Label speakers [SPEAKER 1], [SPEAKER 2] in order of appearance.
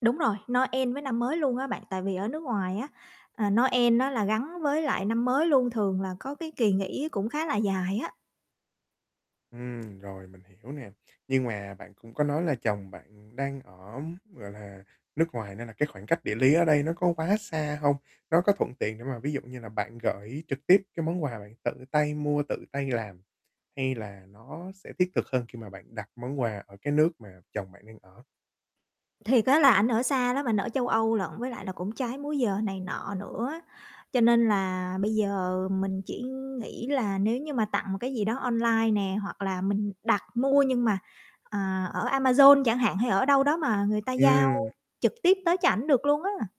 [SPEAKER 1] Đúng rồi, Noel với năm mới luôn á bạn, tại vì ở nước ngoài á, à, Noel á là gắn với lại năm mới luôn, thường là có cái kỳ nghỉ cũng khá là dài á.
[SPEAKER 2] Ừm, rồi mình hiểu nè. Nhưng mà bạn cũng có nói là chồng bạn đang ở, gọi là, nước ngoài nên là cái khoảng cách địa lý ở đây nó có quá xa hông? Nó có thuận tiện để mà ví dụ như là bạn gởi trực tiếp cái món quà mà bạn tự tay mua, tự tay làm, hay là nó sẽ thiết thực hơn khi mà bạn đặt món quà ở cái nước mà chồng bạn đang ở?
[SPEAKER 1] Thiệt á, là ảnh ở xa lắm, ảnh ở châu Âu lận, với lại là cũng trái múi giờ này nọ nữa. Cho nên là bây giờ mình chỉ nghĩ là nếu như mà tặng một cái gì đó online nè, hoặc là mình đặt mua nhưng mà, à, ở Amazon chẳng hạn hay ở đâu đó mà người ta giao
[SPEAKER 2] Ừm.
[SPEAKER 1] trực tiếp tới cho ảnh được luôn á.